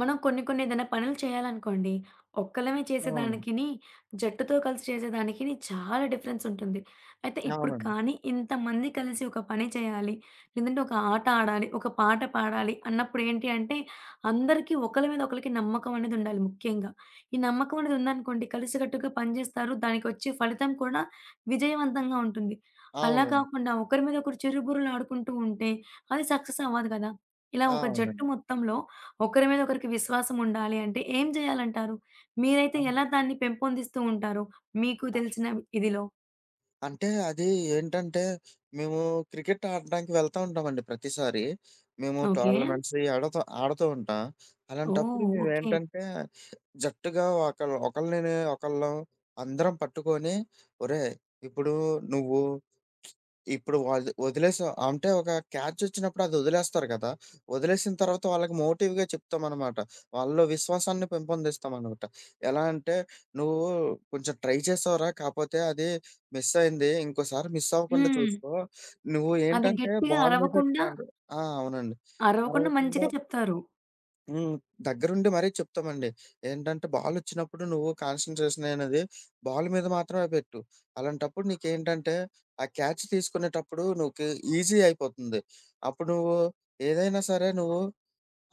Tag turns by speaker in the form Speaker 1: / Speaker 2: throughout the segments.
Speaker 1: మనం కొన్ని, కొన్ని ఏదైనా పనులు చేయాలనుకోండి, ఒక్కలమే
Speaker 2: అవును.
Speaker 1: చేసేదానికిని, జట్టుతో కలిసి చేసేదానికిని చాలా డిఫరెన్సుంటుంది. అయితే ఇప్పుడు
Speaker 2: అవునండి.
Speaker 1: కానీ, ఇంతమంది కలిసి ఒక పని చేయాలి, లేదంటే ఒక ఆట ఆడాలి, ఒక పాట పాడాలి అన్నప్పుడు ఏంటి అంటే, అందరికి ఒకళ్ళ మీద ఒకళ్ళకి నమ్మకమనేది ఉండాలి ముఖ్యంగా. ఈ నమ్మకమనేది ఉందనుకోండి, కలిసికట్టుగా పని జేస్తారు దానికొచ్చే ఫలితం కూడా, విజయవంతంగా ఉంటుంది. అలా
Speaker 2: అవునండి.
Speaker 1: కాకుండా, ఒకరి మీద ఒకరు చిరు బుర్రలాడుకుంటూ ఉంటే, అది సక్సెసవ్వదు కదా! ఇలా
Speaker 2: ఆ!
Speaker 1: ఒక జట్టు
Speaker 2: అవునండి.
Speaker 1: మొత్తంలో, ఒకరి మీద ఒకరికి విశ్వాసం ఉండాలి అంటే, ఏం జేయాలంటారు? మీరైతే
Speaker 2: అన్ను
Speaker 1: ఎలా దాన్ని పెంపొందిస్తూ ఉంటారు, మీకు తెలిసిన ఇదిలో.
Speaker 2: అంటే అది ఏంటంటే, మేము క్రికెట్ ఆడ్డానికి వెళ్తా ఉంటామండి ప్రతిసారి. మేము
Speaker 1: ఓకే.
Speaker 2: టోర్నమెంట్స్ ఇ ఆడుత ఆడుతూ ఉంటా. అలాంటప్పుడు
Speaker 1: ఓహ్! ఓకే.
Speaker 2: మేమెంటంటే, జట్టుగా ఒకళ్ళు ఒకళ్ళని ఒకళ్ళం అందరం పట్టుకొని, ఒరేయ్! ఇప్పుడు నువ్వు ఇప్పుడు వాల్ వదిలేసావు అంటే, ఒక క్యాచొచ్చినప్పుడు అది వదిలేస్తారు కదా! వదిలేసిన తర్వాత వాళ్ళకి మోటివ్‌గా చెప్తామనమాట. వాళ్ళలో విశ్వాసాన్ని పెంపొందిస్తామనమాట. ఎలా అంటే, నువ్వు కొంచెం ట్రై చేశావురా కాపోతే అది మిసైయింది. ఇంకోసారి మిస్సవ్వకుండా
Speaker 1: హ్మ్.
Speaker 2: చూసుకో, నువ్వు
Speaker 1: అది
Speaker 2: ఏంటంటే
Speaker 1: గట్టిగా
Speaker 2: బాల్ మీద
Speaker 1: అరవకుండా
Speaker 2: కన్ ఆ! అవునండి.
Speaker 1: అరవకుండా
Speaker 2: అరవకుండా
Speaker 1: మంచిగా చెప్తారు.
Speaker 2: హ్మ్. దగ్గరుండి మరీ చెప్తమండి. ఏంటంటే, బాలొచ్చినప్పుడు నువ్వు కాన్సంట్రేషనయినది, బాల్ మీద మాత్రమే పెట్టు. అలాంటప్పుడు నీకేంటంటే, ఆ క్యాచ్ తీసుకునేటప్పుడూ నీకే ఈజీ అయిపోతంది. అప్పుడు నువ్వూ, ఏదైనా సరే నువ్వు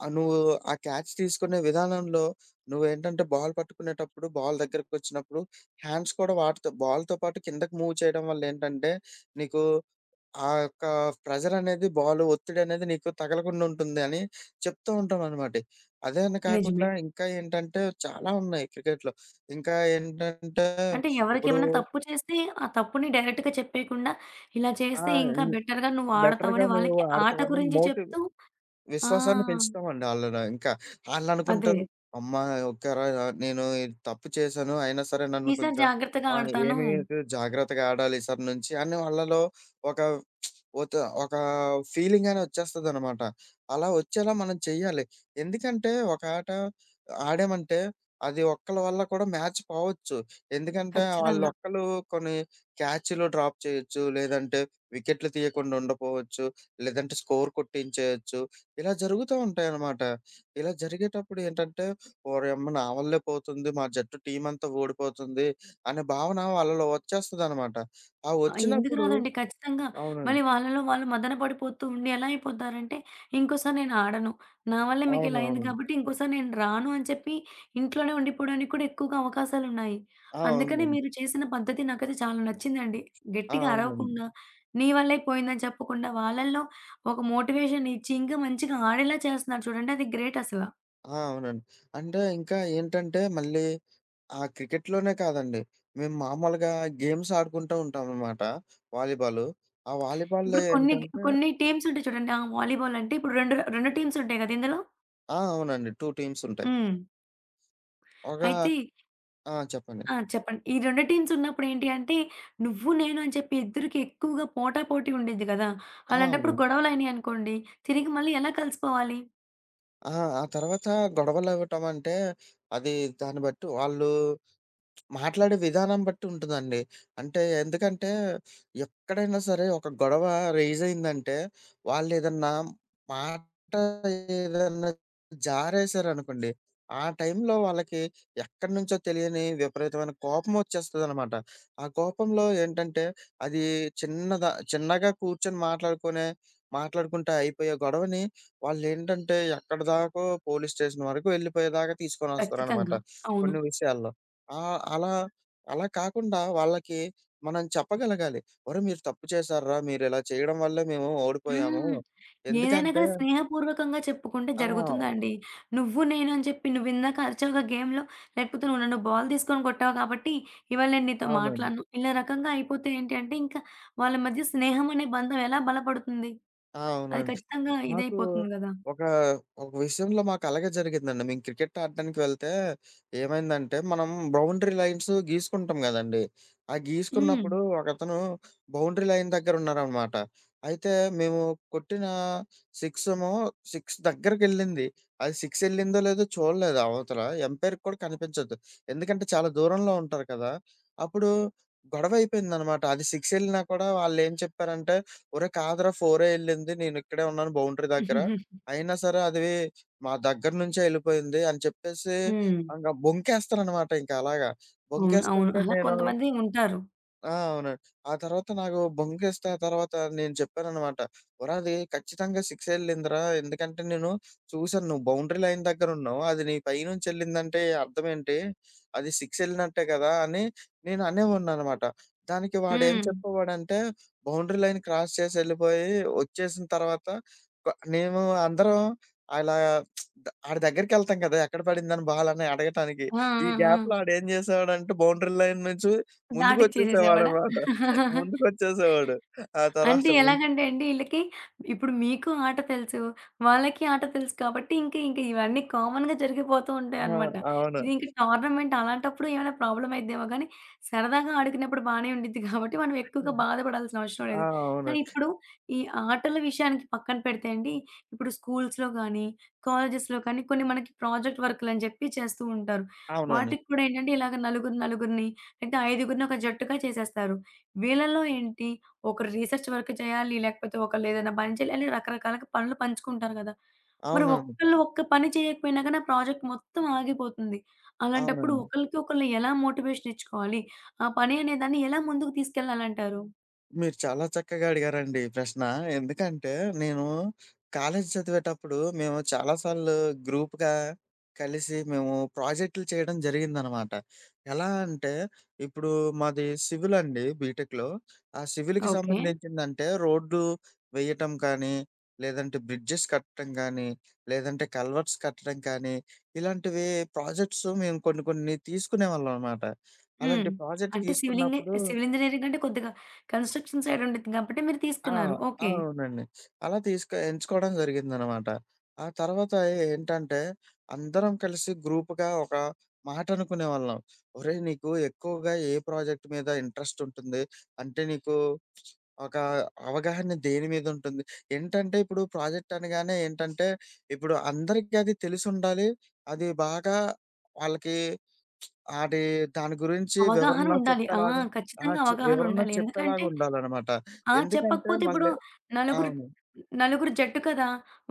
Speaker 2: ఆహ్, నువ్వూ ఆ క్యాచ్ తీసుకునే విధానంలో నువ్వేంటంటే, బాల్ పట్టుకునేటప్పుడు, బాల్ దగ్గరికొచ్చినప్పుడు, హ్యాండ్స్ కూడా వాడతవు. బాల్‌తో పాటు కిందకి మూవ్ చేయడం వల్లేంటంటే, నీకూ ఆ యొక్కా ప్రెజరనేది, బాలూ ఒత్తిడనేది నీకు తగలకుండుంటుంది అని చెప్తూ ఉంటామనమాటి. అదే అని కాకుండా,
Speaker 1: నిజమే.
Speaker 2: ఇంకా ఏంటంటే చాలా ఉన్నాయి క్రికెట్‌లో. ఇంకా ఏంటంటే,
Speaker 1: అంటే,
Speaker 2: ఇప్పుడూ
Speaker 1: ఎవరికేమన్నా తప్పు చేస్తే, ఆ తప్పుని డైరెక్ట్‌గా చెప్పేయకుండా, ఇలా
Speaker 2: ఆ!
Speaker 1: చేస్తే ఇంకా
Speaker 2: హ్మ్.
Speaker 1: బెటర్‌గా నువ్వు
Speaker 2: బెటర్‌గా
Speaker 1: ఆడతావని
Speaker 2: మేము
Speaker 1: వాళ్ళకి ఆట
Speaker 2: ఆడతావని
Speaker 1: గురించి
Speaker 2: మోటివ్
Speaker 1: చెప్తూ ఆ!
Speaker 2: విశ్వాసాన్ని పెంచుతామండి ఆళ్ళలో ఇంకా.
Speaker 1: అదే.
Speaker 2: ఆళ్ళనుకుంటరు" అమ్మా! ఒకే రా య నేను ఈడ తప్పు చేశాను. అయినా సరే, నన్ను
Speaker 1: ఈసారి
Speaker 2: కొంచం
Speaker 1: జాగ్రత్తగా
Speaker 2: ఆహ్,
Speaker 1: ఆడతానూ.
Speaker 2: ఏమి అయితది జాగ్రత్తగా ఆడాలి ఈసారి నుంచి" అని వాళ్ళలో ఒక ఒత ఒకా ఫీలింగని ఒచ్చేస్తదనమాట. అలా ఒచ్చేలా మనం చెయ్యాలి. ఎందుకంటే, ఒక ఆట ఆడామంటే, అది ఒక్కళ్ళ వల్ల కూడా మ్యాచ్ పోవచ్చు. ఎందుకంటే,
Speaker 1: ఖచ్చితంగా.
Speaker 2: ఆళ్ళొక్కలూ కొన్ని క్యాచ్‌లు డ్రాప్ చెయ్యచ్చు, లేదంటే వికెట్లు తీయకుండా ఉండపోవచ్చు, లేదంటే స్కోర్ కొట్టించేయచ్చు, ఇలా జరుగుతా ఉంటాయనమాట. ఇలా జరిగేటప్పుడేంటంటే, "ఓరేయమ్మ! నా వల్లే పోతుంది. మా జట్టు టీమంతా ఓడిపోతుంది" అనే భావన వాళ్ళలో ఒచ్చేస్తదనమాట. ఆ
Speaker 1: ఆ! ఎందుకు
Speaker 2: ఒచ్చినప్పుడు
Speaker 1: రాదండి, ఖచ్చితంగా మళ్ళీ
Speaker 2: అవునండి.
Speaker 1: వాళ్ళలో వాళ్ళు మదన పడిపోతూ ఉండి, ఎలా అయిపోతారంటే, "ఇంకోసారి నేనాడను, నా వల్లే మీకిలా అయింది
Speaker 2: అవునవునండి.
Speaker 1: గాబట్టి, ఇంకోసారి నేను రాను" అని చెప్పి ఇంట్లోనే ఉండిపోడానికి కూడా ఎక్కువుగా అవకాశాలున్నాయి.
Speaker 2: ఆ!
Speaker 1: అందుకని
Speaker 2: ఉందని.
Speaker 1: మీరు చేసిన పద్ధతి నాకైతే చాలా నచ్చిందండి.
Speaker 2: ఆ!
Speaker 1: గెట్టిగా
Speaker 2: అవునండి.
Speaker 1: అరవకుండా, నీ వల్లే పోయిందని చెప్పకుండా, వాళ్ళళ్ళో ఒక మోటివేషన్‌ ఇచ్చి ఇంకా మంచిగా ఆడేలా చేస్తన్నారు చూడండి, అది గ్రేటసల.
Speaker 2: ఆ! అవునండి. అంటే ఇంకా ఏంటంటే మళ్ళీ ఆ క్రికెట్‌లోనే కాదండి మేము మామూలుగా గేమ్స్ ఆడుకుంటూ ఉంటావనమాట వాలీబాలు. ఆ వాలీబాల్‌లో
Speaker 1: ఇప్పుడు కొన్ని,
Speaker 2: ఏంటంటే
Speaker 1: కొన్ని టీమ్స్ ఉంటాయి చూడండి. ఆహ్, వాలీబాలంటే ఇప్పుడు 2, 2 టీమ్స్ ఉంటాయి కదా! ఇందులో?
Speaker 2: ఆ! అవునండి. 2 టీమ్సుంటాయి.
Speaker 1: హ్మ్.
Speaker 2: ఒగా
Speaker 1: అయితే
Speaker 2: ఆ! చెప్పండి.
Speaker 1: ఆ! చెప్పండి. ఈ 2 టీమ్స్ ఉన్నప్పుడు ఏంటి అంటే నువ్వు నేను అని చెప్పి ఇద్దరికి ఎక్కువగా పోటాపోటి ఉండిద్ధి గదా!
Speaker 2: ఆ!
Speaker 1: అలాంటప్పుడు
Speaker 2: అవును.
Speaker 1: గొడవలు అయినాయి అనుకోండి తిరిగి మళ్ళీ ఎలా కలిసిపోవాలి?
Speaker 2: ఆ! ఆ తర్వాత గొడవలు అవ్వటం అంటే అది దాన్ని బట్టి వాళ్ళు మాట్లాడే విధానం బట్టి ఉంటదండి. అంటే ఎందుకంటే ఎక్కడైనా సరే ఒక గొడవ రైజ్ అయిందంటే వాళ్ళేదన్నా మాట ఏదన్నా జారేశారనుకోండి, ఆ టైంలో వాళ్ళకి ఎక్కడినుంచో తెలియని విపరీతమైన కోపం వచ్చేస్తదనమాట. ఆ కోపంలో ఏంటంటే అది చిన్నద చిన్నగా కూర్చొని మాట్లాడుకునే మాట్లాడుకుంటే అయిపోయే గొడవని వాళ్ళేంటంటే ఎక్కడిదాకో పోలీస్ స్టేషన్ వరకు వెళ్ళిపోయేదాకా తీసుకొని వస్తారనమాట.
Speaker 1: ఖచ్చితంగా. అవును.
Speaker 2: కొన్ని విషయాల్లో ఆహ్, అలా, అలా కాకుండా వాళ్ళకి మనం చెప్పగలగాలి ఒరేయ్ మీరు తప్పు చేశార్రా మీరు ఇలా చేయడం వల్లే మేము ఓడిపోయాము.
Speaker 1: హ్మ్. ఏదైనా
Speaker 2: ఎందుకంటే
Speaker 1: కానీ స్నేహపూర్వకంగా చెప్పుకుంటే
Speaker 2: ఆ!
Speaker 1: జరుగుతుందా అండి, నువ్వు నేను అని చెప్పి నువ్వు ఇందాక అరిచావుగా గేమ్‌లో. లేకపోతే నువ్వు నన్ను బాల్ తీసుకొని కొట్టావు కాబట్టి ఇవాళ నేను నీతో
Speaker 2: అవునండి.
Speaker 1: మాట్లాడను, ఇలా రకంగా అయిపోతే ఏంటి అంటే ఇంకా వాళ్ళ మధ్య స్నేహం అనే బంధం ఎలా బలపడుతుంది?
Speaker 2: ఆ!
Speaker 1: అది
Speaker 2: అవునండి.
Speaker 1: ఖచ్చితంగా
Speaker 2: మాకు
Speaker 1: ఇదైయిపోతుంది గదా!
Speaker 2: ఒక, ఒక విషయంలో మాకలాగే జరిగిందండి మేము క్రికెట్ ఆడడానికి వెళ్తే ఏమైందంటే మనం బౌండరీ లైన్సు గీసుకుంటాం కదండీ. ఆ గీసుకున్నప్పుడు
Speaker 1: హ్మ్.
Speaker 2: ఒకతను బౌండరీ లైన్ దగ్గరున్నారనమాట. అయితే మేము కొట్టిన 6 ఏమో 6 దగ్గరికెళ్ళింది. అది 6 ఎళ్ళిందో, లేదో చూడలేదు అవతల ఎంపైర్‌కి కూడా కనిపించదు ఎందుకంటే చాలా దూరంలో ఉంటారు కదా! అప్పుడు గొడవ అయిపోయిందనమాట. అది 6 ఎళ్ళినా కూడా వాళ్ళు ఏం చెప్పారంటే, ఒరేయ్ కాదురా ఫోరే ఎళ్ళింది నేను ఇక్కడే ఉన్నాను బౌండరీ దగ్గర అయినా సరే అది మా దగ్గర నుంచే ఎళ్ళిపోయింది అని చెప్పేసి
Speaker 1: హ్మ్.
Speaker 2: ఇంకా బొంకేస్తారనమాట ఇంక అలాగా.
Speaker 1: అవును. అవును.
Speaker 2: బొంకేస్తుంటే
Speaker 1: అలా
Speaker 2: నేను
Speaker 1: కొంతమంది ఉంటారు.
Speaker 2: ఆ! అవునండి. తర్వాత నాకు బొంకిస్తా ఆ తర్వాత నేను చెప్పాననమాట, ఒరా అది ఖచ్చితంగా 6 ఎళ్ళింది రా ఎందుకంటే, నేను చూసాను నువ్వు బౌండరీ లైన్ దగ్గర ఉన్నావు, అది నీ పైనుంచి వెళ్ళిందంటే అర్థం ఏంటి? అది సిక్సెళ్ళినట్టే గదా అని నేను అనేవాడినిననమాట. దానికి వాడేం
Speaker 1: హ్మ్.
Speaker 2: చెప్పేవాడంటే, బౌండరీ లైన్ క్రాస్ చేసెళ్ళిపోయి ఒచ్చేసిన తర్వాత క మేము అందరం అలా ఆడి దగ్గరికెళ్తాం గదా! ఎక్కడ పడింది అని బాల్ అని అడగటానికి.
Speaker 1: ఆ!
Speaker 2: ఈ
Speaker 1: ఆ!
Speaker 2: గ్యాప్‌లో
Speaker 1: ఆ!
Speaker 2: ఆడేం చేసేవాడంటే, బౌండరీ లైన్ నుంచి
Speaker 1: దాటిచ్చేసేసేవాడ?
Speaker 2: ముందుకొచ్చేసేవాడన్నమాట, ముందుకొచ్చేసేవాడు. ఆ తర్వాత
Speaker 1: అంటే
Speaker 2: ముందు
Speaker 1: ఎలాగంటే అండి, ఈళ్ళకి ఇప్పుడు మీకు ఆట తెలుసు. వాళ్ళకి ఆట తెలుసు కాబట్టి ఇంక ఇంక ఇవన్నీ కామన్‌గా జరిగిపోతూంటాయి
Speaker 2: ఆ!
Speaker 1: అన్నమాట.
Speaker 2: అవును.
Speaker 1: ఇది ఇంక టోర్నమెంట్ అలాంటప్పుడు ఏమైనా ప్రాబ్లమ్ అయిద్దేమో గానీ, సరదాగా ఆడుకున్నప్పుడు బానే ఉండిద్ది. కాబట్టి మనం ఎక్కువగా బాధపడాల్సిన అవషరం
Speaker 2: ఆ!
Speaker 1: లేదు.
Speaker 2: అవును.
Speaker 1: కానీ ఇప్పుడు ఈ ఆటల విషయానికి పక్కన పెడితే అండి, ఇప్పుడు స్కూల్స్‌లో కానీ, కాలేజెస్‌లో కానీ కొన్ని మనకి ప్రాజెక్ట్ వర్కులని జెప్పి చేస్తూ ఉంటారు.
Speaker 2: అవునండి.
Speaker 1: వాటికి కూడా ఏంటంటే ఇలాగ నలుగురు నలుగురిని ఐదుగురిని ఒక జట్టుగా చేసేస్తారు. వీళ్ళలో ఏంటి, ఒకరు రిసర్చ్ వర్క్ చేయాలి. లేకపోతే ఒకళ్ళు ఏదైనా పని చేయాలి అని రకరకాలుగా పనులు పంచుకుంటారు కదా! మరి
Speaker 2: అవునవును.
Speaker 1: ఒక్కళ్ళు ఒక్క పని చేయకపోయినా గానీ ప్రాజెక్ట్ మొత్తం ఆగిపోతుంది. అలాంటప్పుడు
Speaker 2: అవునండి.
Speaker 1: ఒకళ్ళకి ఒకళ్ళు ఎలా మోటివేషన్ ఇచ్చుకోవాలి? ఆ పని అనేదాన్ని ఎలా ముందుకు తీసుకెళ్లాలంటారు?
Speaker 2: మీరు చాలా చక్కగా అడిగారండి ఈ ప్రశ్న. ఎందుకంటే, నేను కాలేజీ చదివేటప్పుడు మేము చాలా సార్లు గ్రూప్‌గా కలిసి మేము ప్రాజెక్టులు చేయడం జరిగిందనమాట. ఎలా అంటే, ఇప్పుడు మాది సివిల్ అండి, బీటెక్‌లో. ఆ సివిల్‌కి
Speaker 1: ఓకే.
Speaker 2: సంబంధించిందంటే రోడ్లువేయటం కానీ, లేదంటే బ్రిడ్జెస్ కట్టడం గానీ, లేదంటే కల్వర్ట్స్ కట్టడం కానీ ఇలాంటివి ప్రాజెక్ట్స్ మేము కొన్ని కొన్ని తీసుకునేవాళ్ళం అనమాట. అలాంటి
Speaker 1: హ్మ్.
Speaker 2: ప్రాజెక్ట్
Speaker 1: అంటే సివిల్ ఇంగే
Speaker 2: తీసుకున్నప్పుడు
Speaker 1: సివిల్ ఇంజినీరింగ్ అంటే కొద్దిగా కన్‌స్ట్రషన్ సైడ్ ఉండిద్ది కాబట్టి మీరు
Speaker 2: ఆ!
Speaker 1: తీసుకున్నారు.ఓకే.
Speaker 2: అవునండి. అలా తీసుకో ఎంచుకోవడం జరిగిందనమాట. ఆ తర్వాత ఏంటంటే, అందరం కలిసి గ్రూప్‌గా ఒక మాట అనుకునే వాళ్ళం. "ఒరేయ్, నీకు ఎక్కువగా ఏ ప్రాజెక్ట్ మీద ఇంట్రెస్ట్ ఉంటుంది? అంటే నీకు ఒక అవగాహన దేని మీద ఉంటుంది?" ఏంటంటే, ఇప్పుడు ప్రాజెక్ట్ అనగానే ఏంటంటే, ఇప్పుడు అందరికి అది తెలిసుండాలి. అది బాగా వాళ్ళకి అది, దాని గురించి
Speaker 1: అవగాహన
Speaker 2: వివరణ
Speaker 1: ఉండాలి. ఆ!
Speaker 2: చెప్పేలాగా ఆ
Speaker 1: ఖచ్చితంగా అవగాహన
Speaker 2: వివరణ
Speaker 1: ఉండాలి. ఎందుకంటే
Speaker 2: చెప్పేలాగా ఆ! ఉండాలనమాట.
Speaker 1: ఆ!
Speaker 2: ఎందుకంటే
Speaker 1: చెప్పకపోతే ఇప్పుడు
Speaker 2: మళ్ళీ
Speaker 1: నలుగురు
Speaker 2: అవును.
Speaker 1: నలుగురు జట్టు కదా!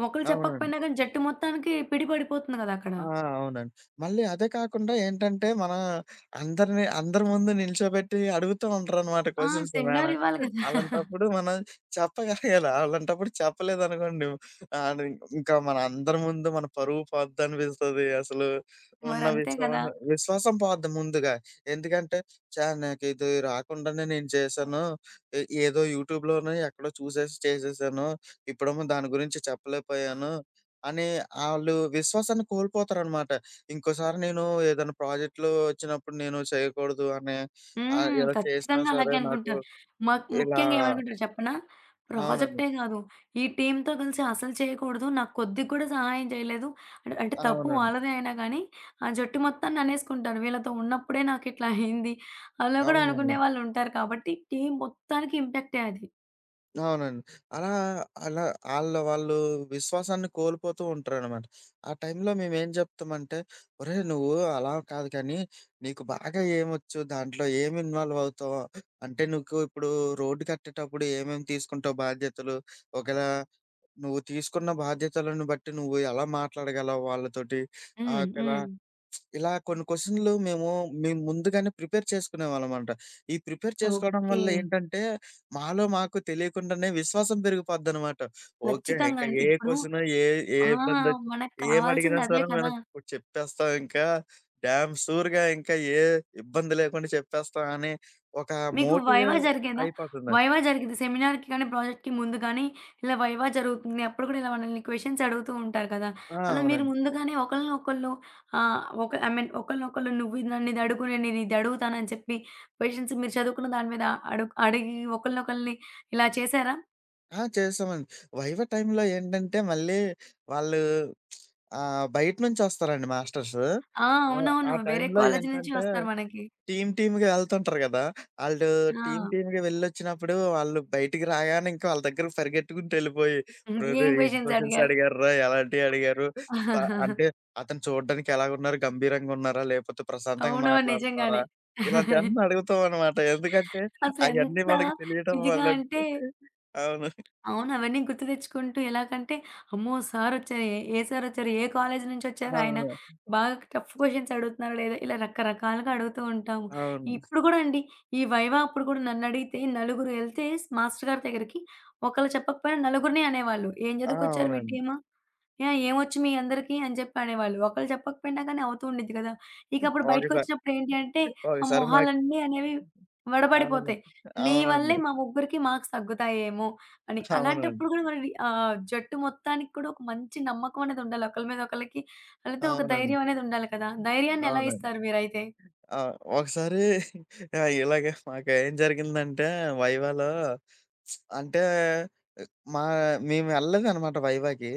Speaker 1: ఒకళ్ళు
Speaker 2: అవునండి.
Speaker 1: చెప్పకపోయినా గాని జట్టు మొత్తానికి పిడి పడిపోతుంది గదా అక్కడ.
Speaker 2: ఆ! అవునండి. మళ్ళీ అదే కాకుండా ఏంటంటే, మన అందరిని అందరి ముందు నిల్చోబెట్టి అడుగుతూంటారనమాట
Speaker 1: ఆ!
Speaker 2: Questions,
Speaker 1: seminar
Speaker 2: madam.
Speaker 1: ఇవ్వాలి గదా!
Speaker 2: అలాంటప్పుడు మనం చెప్పగలగాలి. అలాంటప్పుడు చెప్పలేదనుకోండి, ఆన్ని ఇంకా మన అందరి ముందు మన పరువు పోద్దనిపిస్తది అసలు. ఉన్న
Speaker 1: మరంతే కదా!
Speaker 2: విశ్వాస విశ్వాసం పోద్ది ముందుగా. ఎందుకంటే, ఛ! నాకు ఇది రాకుండానే నేను చేశాను. ఎ ఏదో యూట్యూబ్‌లోనో, ఎక్కడో చూసేసి చేసేశాను. ఇప్పుడేమో దాని గురించి చెప్పలేకపోయాను అని ఆళ్ళు విశ్వాసాన్ని కోల్పోతారనమాట. ఇంకోసారి నేను ఏదైనా ప్రాజెక్ట్‌లు ఒచ్చినప్పుడు నేను చేయకూడదు అనే ఆహ్,
Speaker 1: హ్మ్.
Speaker 2: ఇలా చేసినా
Speaker 1: ఖచ్చితంగా
Speaker 2: సరే
Speaker 1: అలాగే
Speaker 2: నాకు
Speaker 1: అనుకుంటారు. మాక్
Speaker 2: ఇలా
Speaker 1: ముఖ్యంగా ఏమనుకుంటారు చెప్పనా?
Speaker 2: అవునండి.
Speaker 1: ప్రాజెక్టే గాదు, ఈ టీమ్‌తో గలిసి అసలు చేయకూడదు. నాకు కొద్దిగా కూడా సహాయం చేయలేదు. అంటే తప్పు
Speaker 2: అవునండి.
Speaker 1: వాళ్ళదే అయినా కానీ, ఆ జట్టు మొత్తాన్ని అనేసుకుంటారు. "వీళ్ళతో ఉన్నప్పుడే నాకిట్లా అయింది" అలా గూడా అనుకునే
Speaker 2: అవునండి.
Speaker 1: వాళ్ళు ఉంటారు. కాబట్టి టీమ్‌ మొత్తానికి ఇంప్యాక్టే అది.
Speaker 2: అవునండి. అలా, అలా ఆళ్ళ వాళ్ళు విశ్వాసాన్ని కోల్పోతూ ఉంటారనమాట. ఆ టైంలో మేమెం చెప్తామంటే, "ఒరేయ్! నువ్వు అలా కాదు కానీ, నీకు బాగా ఏమొచ్చు దాంట్లో ఏమి ఇన్వాల్వ్ అవుతావు అంటే, నీకు ఇప్పుడు రోడ్డు కట్టేటప్పుడు ఏమేమి తీసుకుంటావు బాధ్యతలు? ఒకేళ నువ్వు తీసుకున్న బాధ్యతలను బట్టి నువ్వు ఎలా మాట్లాడగలవు వాళ్ళతోటి,"
Speaker 1: హ్మ్.
Speaker 2: ఆకల
Speaker 1: హ్మ్.
Speaker 2: ఇలా కొన్ని క్వెషన్లు మేము మేము ముందుగానే ప్రిపేర్ చేసుకునేవాళ్ళంమాట. ఈ ప్రిపేర్ చేసుకోవడం వల్ల
Speaker 1: ఓకే.
Speaker 2: ఏంటంటే, మాలో మాకు తెలియకుండానే విశ్వాసం పెరిగిపోద్దనమాట. ఓకే,
Speaker 1: ఖచ్చితంగా
Speaker 2: ఇంకా
Speaker 1: అండి!
Speaker 2: ఏ
Speaker 1: ఇప్పుడు
Speaker 2: క్వెషను ఏ ఏ
Speaker 1: ఆ!
Speaker 2: ఇబ్బంది ఒచ్చిన,
Speaker 1: మనకు
Speaker 2: ఏమి అడిగినా
Speaker 1: కావాల్సింది అదే
Speaker 2: సరే,
Speaker 1: కదా!
Speaker 2: మనం చెప్పేస్తాం ఇంకా, డ్యామ్ షూర్‌గా ఇంకా ఏ ఇబ్బంది లేకుండా చెప్పేస్తాం అని, ఒక
Speaker 1: మీకు
Speaker 2: మోటివే
Speaker 1: వైవా జరిగేదా?
Speaker 2: అయిపోతున్న
Speaker 1: వైవా జరిగింది. సెమినార్‌కి కానీ, ప్రాజెక్ట్‌కి ముందు గానీ, ఇలా వైవా జరుగుతుంది. అప్పుడు కూడా ఇలా మనల్ని క్వెషన్స్ అడుగుతూ ఉంటారు కదా!
Speaker 2: ఆ!
Speaker 1: అలా మీరు
Speaker 2: అవునండి.
Speaker 1: ముందుగానే ఒకళ్ళనొకళ్ళు ఆహ్, ఒక ఐ మీన్ ఒకరినొకళ్ళు నువ్వు ఇది నన్ను ఇదడుగు, నేను నిన్ను ఇదడుగుతానని చెప్పి, క్వెషన్స్ మీరు చదువుకున్న దాని మీద, అడుక్ అడిగి ఒకళ్ళనొకళ్ళని ఇలా చేశారా?
Speaker 2: ఆ! చేశామండి. వైవా టైమ్‌లో ఏంటంటే, మళ్ళీ వాళ్ళు ఆహ్, బయట నుంచొస్తారండి మాస్టర్స్.
Speaker 1: ఆ!
Speaker 2: ఆ! ఆ
Speaker 1: అవునవును. వేరే
Speaker 2: టైమ్‌లో
Speaker 1: కాలేజీ నుంచి
Speaker 2: ఏంటంటే,
Speaker 1: వస్తారు మనకి.
Speaker 2: టీమ్‌, టీమ్‌గా ఎళ్తుంటారు కదా! ఆళ్ళు టీమ్‌,
Speaker 1: ఆ!
Speaker 2: టీమ్‌గా వెళ్లొచ్చినప్పుడు వాళ్ళు బయటికి రాగానే ఇంకా వాళ్ళ దగ్గర పరిగెత్తుకుంటూ ఎళ్ళిపోయి,
Speaker 1: హ్మ్.
Speaker 2: రేయ్!
Speaker 1: ఏం
Speaker 2: రేయ్! ఏం
Speaker 1: క్వెషన్స్
Speaker 2: క్వెషన్స్
Speaker 1: అడిగారు.
Speaker 2: అడిగార్రా? ఎలాంటివి అడిగారు? స అంటే అతను చూడడానికి ఎలాగున్నారు, గంభీరంగా ఉన్నారా? లేకపోతే ప్రశాంతంగా
Speaker 1: అవునవును.
Speaker 2: మాట్లాడుతున్నారా?
Speaker 1: నిజంగానే.
Speaker 2: ఇలాంటివన్నీ అడుగుతామన్నమాట. ఎందుకంటే అయన్నీ
Speaker 1: అసలెంత
Speaker 2: మనకు తెలియడం
Speaker 1: ఇదిగా
Speaker 2: వల్ల
Speaker 1: అంటే
Speaker 2: అవును.
Speaker 1: అవును. అవన్నీ గుర్తు తెచ్చుకుంటూ ఎలాగంటే, అమ్మో! సారొచ్చారే, ఏ సారొచ్చారు, ఏ కాలేజీ నుంచొచ్చారు, ఆయన
Speaker 2: అవును.
Speaker 1: బాగా టఫ్ క్వెషన్స్ అడుగుతున్నాడె. ఇలా రకరకాలుగా అడుగుతూ ఉంటాము.
Speaker 2: అవును.
Speaker 1: ఇప్పుడు గూడా అండి, ఈ వైవా అప్పుడు కూడా నన్నడిగితే, నలుగురెళ్తే మాస్టర్ గారి దగ్గరికి, ఒకళ్ళు చెప్పకపోయినా, నలుగురిని అనేవాళ్ళు. "ఏం
Speaker 2: ఆ!
Speaker 1: చదువుకొచ్చారు, మీ
Speaker 2: అవునండీ.
Speaker 1: టీము ఆహ్, ఏమొచ్చు, మీ అందరికి" అని చెప్పి అనేవాళ్ళు. ఒకళ్లు చెప్పకపోయినా గానీ అవుతూ ఉండిద్ది కదా! ఇకప్పుడు
Speaker 2: ఒకసార్
Speaker 1: బయటికొచ్చినప్పుడు ఏంటి అంటే, ఆ
Speaker 2: ఒకసారి మాక్
Speaker 1: మొహాలన్ని అనేవి
Speaker 2: అవునండి,
Speaker 1: వడబడిపోతాయి. నీ వల్లే
Speaker 2: అవునండి.
Speaker 1: మా ముగ్గురికి మార్క్స్ తగ్గుతాయి ఏమో అని.
Speaker 2: అవునండి.
Speaker 1: అలాంటప్పుడు కూడా మనవి ఆహ్, జట్టు మొత్తానికి కూడా ఒక మంచి నమ్మకమనేదుండాలి. ఒకళ్ళ మీద ఒకళ్ళకి, ఆళ్ళతో ఒక
Speaker 2: అవునండి.
Speaker 1: ధైర్యమనేదుండాలి కదా! ధైర్యాన్ని ఎలా
Speaker 2: అవునండి.
Speaker 1: ఇస్తారు మీరైతే?
Speaker 2: ఆ! ఒకసారి ఇలాగే మాకు ఏం జరిగిందంటే, వైవాలో. అంటే మా మేమెళ్ళలేదనమాట వైవాకి.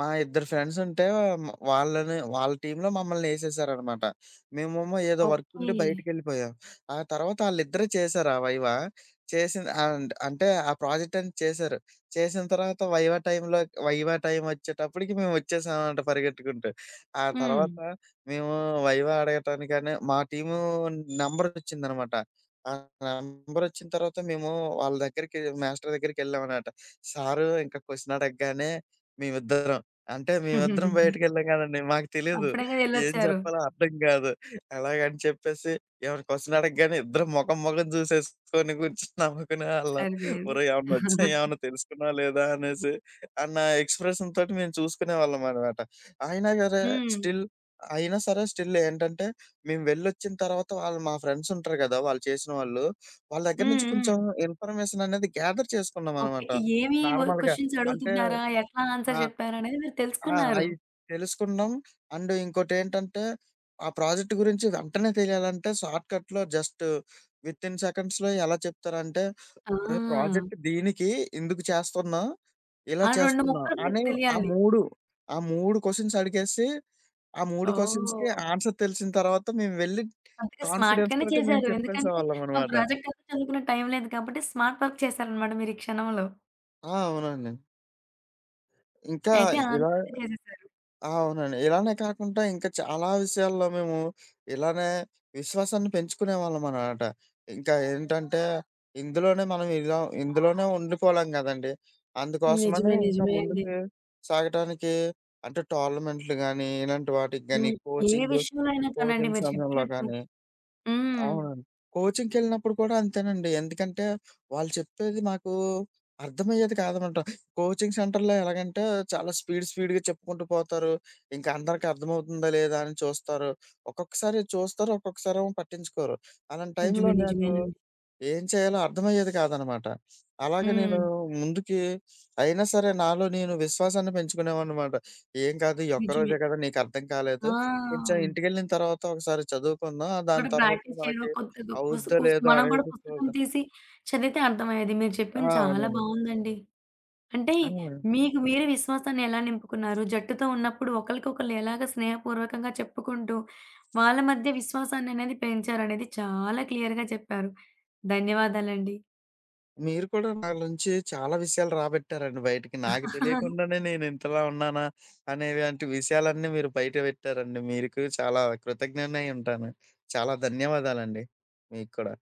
Speaker 2: మా ఇద్దరు ఫ్రెండ్సుంటే మ వాళ్ళని, వాళ్ళ టీమ్‌లో మమ్మల్ని ఏసేశారనమాట. మేమేమో ఏదో
Speaker 1: ఓకే.
Speaker 2: వర్కుండి బయటికెళ్ళిపోయాం. ఆ తర్వాత ఆళ్ళిద్దరె చేశారు ఆ వైవా. చేసింది అండ్ అంటే, ఆ ప్రాజెక్టని చేశారు. చేసిన తర్వాత వైవా టైమ్‌లో వైవా టైమొచ్చేటప్పటికి మేమొచ్చేసాం అంట పరిగెత్తుకుంటూ. ఆ
Speaker 1: హ్మ్.
Speaker 2: తర్వాత మేము వైవా అడగటానికని మా టీము నెంబరొచ్చిందనమాట. ఆ నెంబరొచ్చిన తర్వాత మేము వాళ్ళ దగ్గరికి మాస్టర్ దగ్గరికెళ్ళాం అనమాట. సారు ఇంకా క్వెషన్ అడగగానే మేమిద్దరం అంటే మేమిద్దరం బయటికెళ్ళాం కదండీ, మాకు తెలీదు
Speaker 1: అప్పుడే కదా
Speaker 2: ఏం
Speaker 1: ఎళ్లొచ్చారు.
Speaker 2: చెప్పాలో, అర్థం కాదు. అలాగని చెప్పేసి ఏవైనా క్వెషన్ అడగగానే ఇద్దరు మొఖం మొఖం చూసేసుకొని కూర్చొని నవ్వుకునేవాళ్ళం.
Speaker 1: సరిపోయింది.
Speaker 2: ఒరేయ్! ఏమన్నొచ్చయా, ఏమన్నా తెలుసుకున్నావా లేదా, అనేసి అన్న ఎక్స్ప్రెషన్‌తోటి మేము చూసుకునేవాళ్ళమన్నమాట. అయినా సరే,
Speaker 1: హ్మ్.
Speaker 2: స్టిల్ అయినా సరే, స్టిల్ ఏంటంటే, మేము వెళ్లొచ్చిన తర్వాత, వాళ్ళు మా ఫ్రెండ్సుంటారు కదా, వాళ్ళు చేసిన వాళ్ళ వాళ్ళ దగ్గర
Speaker 1: హ్మ్,
Speaker 2: నుంచి కొంచెం
Speaker 1: హ్మ్.
Speaker 2: ఇన్ఫర్మేషననేది గేథర్
Speaker 1: ఓకే.
Speaker 2: చేసుకున్నామనమాట.
Speaker 1: ఏమేమి
Speaker 2: నార్మల్‌గా
Speaker 1: క్వెషన్స్
Speaker 2: అంటే
Speaker 1: అడుగుతున్నారా, ఎట్లా
Speaker 2: ఆ!
Speaker 1: ఆన్స్వర్ చెప్పారనేది మీరు
Speaker 2: ఆ!
Speaker 1: తెలుసుకున్నారు.
Speaker 2: అయి తెలుసుకున్నాం. అండు ఇంకోటి ఏంటంటే, ఆ ప్రాజెక్ట్ గురించి వెంటనే తెలియాలంటే, షార్ట్‌కట్‌లో జస్టు, వితిన్ సెకండ్స్‌లో ఎలా చెప్తారంటే, ఉరేయ్!
Speaker 1: ఆ!
Speaker 2: ప్రాజెక్టు దీనికి, ఇందుకు చేస్తున్నాం, ఇలా
Speaker 1: ఆ 2
Speaker 2: చేస్తున్నాం
Speaker 1: ముక్కలు మీకు
Speaker 2: అని ఆ
Speaker 1: తెలియాలి.
Speaker 2: 3, ఆ 3 క్వెషన్స్ అడిగేసి, ఆ 3 క్వెషన్స్‌కి
Speaker 1: ఓహ్!
Speaker 2: ఆన్సర్ తెలిసిన తర్వాత, మేము వెళ్లి
Speaker 1: అందుకే స్మార్ట్‌గానే
Speaker 2: కాన్ఫిడెన్స్‌తోటి మేము
Speaker 1: చేశారు. ఎందుకంటే ఆ
Speaker 2: చెప్పేసేవాళ్ళమనమాట.
Speaker 1: ప్రాజెక్ట్ అప్పుడు చదువుకునే టైం లేదు కాబట్టి స్మార్ట్ వర్క్ చేశారన్నమాట మీరీ క్షణంలో.
Speaker 2: ఆ! అవునండి. ఇంకా
Speaker 1: అయితే ఆళ్ళ
Speaker 2: ఇలా
Speaker 1: తరువాత చేసేసారు.
Speaker 2: ఆ! అవునండి. ఇలానే కాకుండా ఇంకా చాలా విషయాల్లో మేము ఇలానే విశ్వాసాన్ని పెంచుకునే వాళ్ళమనమాట. ఇంకా ఏంటంటే ఇందులోనే మనం ఇలా ఇందులోనే ఉండిపోలేం కదండీ అందుకోసమని
Speaker 1: నిజమే.
Speaker 2: ఇంకా
Speaker 1: నిజమే అండి.
Speaker 2: ముందుకు సాగటానికి అంటే టోర్నమెంట్లు గానీ, ఇలాంటి వాటికి గాని
Speaker 1: హ్మ్. ఏ
Speaker 2: కోచింగు
Speaker 1: విషయంలో అయినా కానండి
Speaker 2: కోచింగ్స్
Speaker 1: మీరు
Speaker 2: సమయంలో
Speaker 1: చెప్పినట్టు
Speaker 2: గానీ.
Speaker 1: హ్మ్.
Speaker 2: అవునండి. కోచింగ్‌కెళ్ళినప్పుడు కూడా అంతేనండి. ఎందుకంటే వాళ్ళు చెప్పేది మాకు అర్థమయ్యేది కాదనమాట. కోచింగ్ సెంటర్‌లో ఎలాగంటే చాలా స్పీడ్ స్పీడ్‌గా చెప్పుకుంటూ పోతారు, ఇంకా అందరికి అర్థమవుతుందా లేదా అని చూస్తారు. ఒక్కొక్కసారి చూస్తారు, ఒక్కొక్కసారి ఏమో పట్టించుకోరు. అలాంటి టైంలో
Speaker 1: నిజమే.
Speaker 2: నాకు
Speaker 1: నిజమేనండి.
Speaker 2: ఏం చేయాలో అర్థమయ్యేది కాదనమాట, అలాగే నేను
Speaker 1: హ్మ్.
Speaker 2: ముందుకి అయినా సరే నాలో నేను విశ్వాసాన్ని పెంచుకునేవాడినమట ఏం కాదు ఈ ఒక్క రోజే
Speaker 1: నిజమే.
Speaker 2: కదా నీకు అర్థం కాలేదు కొంచెం
Speaker 1: ఆ!
Speaker 2: ఇంటికెళ్ళిన తర్వాత ఒకసారి చదువుకుందాం, దాని
Speaker 1: కూడా
Speaker 2: తర్వాత
Speaker 1: ప్రాక్టీస్ చేయడం
Speaker 2: మనకి
Speaker 1: కొద్దో గొప్పో వసు
Speaker 2: అవుద్దా
Speaker 1: కుసు
Speaker 2: లేదా
Speaker 1: మనం కూడా
Speaker 2: అనేది
Speaker 1: పుస్తకం
Speaker 2: చూద్దాం.
Speaker 1: తీసి చదివితే అర్థమయ్యేది మీరు
Speaker 2: ఆ!
Speaker 1: చెప్పింది చాలా
Speaker 2: అవునండి.
Speaker 1: బాగుందండి. అంటే
Speaker 2: ఆ!
Speaker 1: మీకు మీ విశ్వాసాన్ని ఎలా నింపుకున్నారు జట్టుతో ఉన్నప్పుడు ఒకళ్ళకి ఒకళ్ళు ఎలాగా స్నేహపూర్వకంగా చెప్పుకుంటూ, వాళ్ళ మధ్య విశ్వాసాన్ని అనేది పెంచారు అనేది చాలా క్లియర్‌గా చెప్పారు. ధన్యవాదాలండి.
Speaker 2: మీరు కూడా నా నుంచి చాలా విషయాలు రాబెట్టారండి, బయటికి నాకు తెలియకుండానే నేను ఇంతలా ఉన్నానా అనే వంటి విషయాలన్నీ మీరు బయట పెట్టారండి. మీరుకు చాలా కృతజ్ఞుడునై ఉంటాను. చాలా ధన్యవాదాలండి మీకు కూడా.